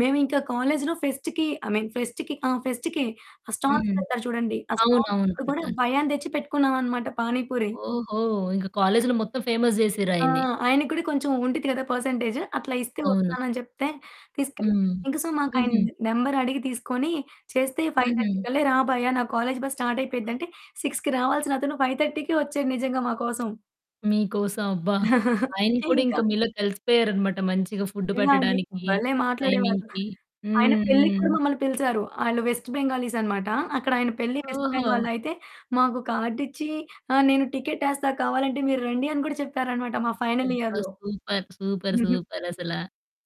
మేమింకా కాలేజీలో ఫెస్ట్‌కి I mean ఫెస్ట్‌కి ఆహ్, ఫెస్ట్‌కే ఆ స్టాల్స్ హ్మ్. పెడతారు చూడండి. ఆ స్టాల్స్‌ అవునవును. అప్పుడు గూడా పెడతారు. భయ్యాని దెచ్చి పెట్టుకున్నాం అనమాట పానిపూరి. ఓహో! ఇంకా కాలేజీలో మొత్తం ఫేమస్ ఆ! జేసిర్రాయన్ని. ఆయన గూడా కొంచెం ఉండిద్ది గదా! పర్సెంటేజు అట్లా ఇస్తే అవును. వస్తానని జెప్తే తీసుకెళ్ళాం. హ్మ్. ఇంక సో, మాకాయన హుహు. నెంబరడిగి తీసుకొని చేస్తే 5:30 హుహు. కల్లా రా భయ్యా నా కాలేజీ బసు స్టార్టయిపోయిద్ది అంటే 6కి రావాల్సినతను 5:30కే ఒచ్చాడు నిజంగా మా కోసం. మీకోసం అబ్బా! ఆయన అయితే కూడా ఇంకా ఇంక మీలో కలిసిపోయారన్నమాట. మంచిగా ఫుడ్డు నిజంగా అండి. పెట్టడానికి భలే మాట్లాడేవాళ్ళు. టైమింగ్‌కి ఆయన హ్మ్. పెళ్ళికి కూడా హ్మ్. మమ్మల్ని పిలిసారు. ఆయన వెస్ట్ బెంగాలీస్ అన్నమాట. అక్కడ ఆయన పెళ్లి వెస్ట్ ఓహో! బెంగాల్‌లో అయితే మాకు కార్డిచ్చి, ఆహ్, నేను టికెటేస్తా కావాలంటే మీరు రండీ అని కూడా చెప్పారన్నమాట మా ఫైనల్ అబ్బా! ఇయర్‌లో. సూపర్. సూపర్. హుహు. సూపర్ అసలా.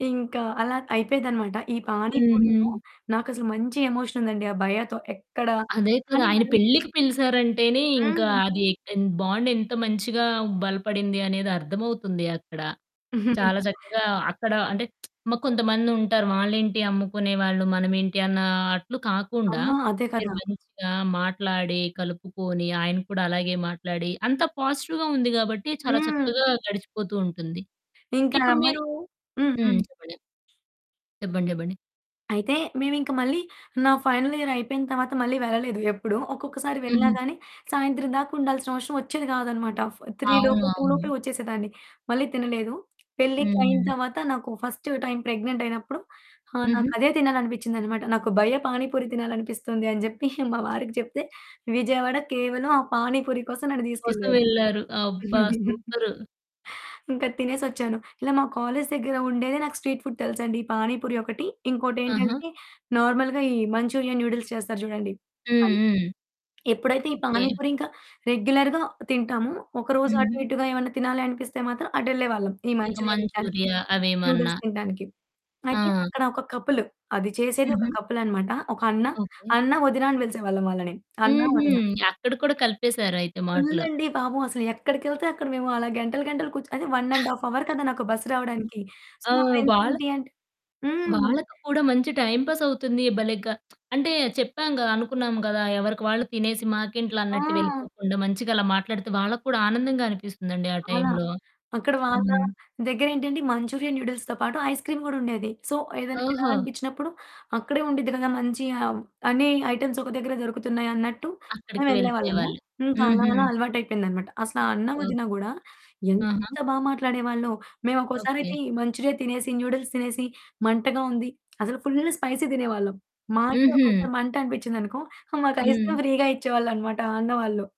ఇంకా అలా అయిపోయేదనమాట. ఈ పాని పూరి‌తో హుహు. నాకసలు మంచి ఎమోషన్ ఉందండి, ఆ భయ్యా‌తో ఎక్కడ అదే కదా! కాని ఆయన మరి పెళ్ళికి పిలిసారంటేనే ఇంకా హ్మ్. అది ఎ బాండ్ ఎంత మంచిగా బలపడింది అనేదర్థమవుతుంది అక్కడ. చాలా చక్కగా అక్కడ అంటే మ కొంతమందుంటారు. వాళ్ళేంటి అమ్ముకునే వాళ్ళు మనమేంటి అన్న అట్లు అ! కాకుండా అదే మీరు కదా! మంచిగా మాట్లాడి, కలుపుకొని, ఆయన కూడా అలాగే మాట్లాడి అంతా పాజిటివ్‌గా ఉంది గాబట్టి చాలా హ్మ్. చక్కగా గడిచిపోతూ ఉంటుంది. ఇంకా ఆ ఇప్పుడు అమ్మాయి మీరు హ్మ్ హ్మ్. హ్మ్. చెప్పండి. చెప్పండి. చెప్పండి. అయితే మేమింక మళ్ళీ నా ఫైనల్ ఇయర్ అయిపోయిన తర్వాత మళ్ళీ వెళ్ళలేదు ఎప్పుడు. ఒక్కొక్కసారి వెళ్ళినా హుహు. గానీ, సాయంత్రం దాకుండాల్సిన అవసరం ఒచ్చేది కాదన్నమాట. ఆ ఫ 3 అవును. లోపు 2 లోపే అవును. ఒచ్చేసేదాన్ని. మళ్ళీ తినలేదు. పెళ్లి‌కి అయిన హ్మ్. తర్వాత నాకు ఫస్టు టైం ప్రెగ్నెంటయినప్పుడు ఆ! హుహు. నాకదే తినాలనిపిచ్చిందన్నమాట. నాకు భయ్యా పానీపూరి తినాలనిపిస్తుంది అని జెప్పి మా వారికి జెప్తే విజయవాడ కేవలం ఆ పాని పూరి కోసం నన్ను కోసం తీసుకెళ్లారు. వెళ్ళారు. అబ్బా! సూపరు. ఇంకా తినేసొచ్చాను. ఇలా మా కాలేజీ దెగ్గర ఉండేదే నాకు స్ట్రీట్ ఫుడ్ తెలుసండి పాని పూరి ఒకటి ఆహా! ఇంకోటేంటంటే నార్మల్‌గా ఈ మంచూరియన్ నూడిల్స్ చేస్తారు జూడండి. హ్మ్. అది హ్మ్. ఎప్పుడైతే ఈ ఓకే. పాని పూరి ఇంకా రెగ్యులర్‌గా తింటాము ఒకరోజు అటు హుహు. ఇటుగా ఏమన్నా తినాలనిపిస్తే మాత్రం అటెళ్ళేవాళ్ళం, ఈ ఇక మంచురియా తింటానికి మంచూరియా అవేమన్నా. నూడిల్స్ తింటానికి. అయితే ఆ! అక్కడ ఒక కపులు అది చేసేది ఒక హుహు. కపులనమాట. ఒక అన్న. ఓకే. అన్న వదిన అని పిలిసేవాళ్ళం వాళ్ళని. అన్న హుహు. వదిన. అక్కడ కూడా కలిపేసారయితే మాటలు. ఫుల్లండి పాపం అసలు ఎక్కడికెళ్తే అక్కడ మేము అలా గంటలు గంటలు కూర్చుని అదే 1 ½ అవర్ కదా! నాకు బస్సు రావడానికి. సో, ఆ! మా ఫ్రెండ్స్ వాళ్ళ ఏంటంటే హ్మ్. వాళ్ళకి కూడా మంచి టైమ్ పాస్ అవుతుంది. భలేగా అంటే చెప్పాం‌గా అనుకున్నాం గదా! ఎవరికి వాళ్ళు తినేసి మాకేంట్లె అన్నట్టు ఆ! వెళ్ళిపోకుండా మంచిగా అలా మాట్లాడితే వాళ్ళక్కూడా ఆనందంగా అనిపిస్తుందండి ఆ చాలా. టైంలో. అక్కడ వాళ్ళ హ్మ్. దెగ్గరేంటంటే మంచూరియా నూడిల్స్‌తో పాటు ఐస్ క్రీమ్ గూడా ఉండేది. సో, ఏదైనా ఓహో! తినాలనిపించినప్పుడు అక్కడే ఉండిద్ది గదా మంచి అన్ని ఐటెమ్స్ ఒక దగ్గరే దొరుకుతున్నాయి అన్నట్టు అక్కడికి మేమెళ్ళేవాళ్ళము. వెళ్ళిపోయేవాళ్ళు ఇంకా అలా హుహు. అలా అలవాటయిపోయిందన్నమాట. అసల ఆ అన్న ఓహ్! వదిన గూడా ఎంత ఆహా! బా మాట్లాడేవాళ్ళో మేము ఓకే. ఒక్కోసారయితే మంచూరియా తినేసి నూడిల్స్ తినేసి మంటగా ఉంది. అసలు ఫుల్లు స్పైసీ తినేవాళ్ళం మాకే ఒక్కోసారి హుహు. మంట అనిపించిందనుకో మాకు ఐస్ క్రీమ్ హ్మ్. ఫ్రీగా ఇచ్చేవాళ్ళన్నమాట ఆ అన్న వాళ్ళు.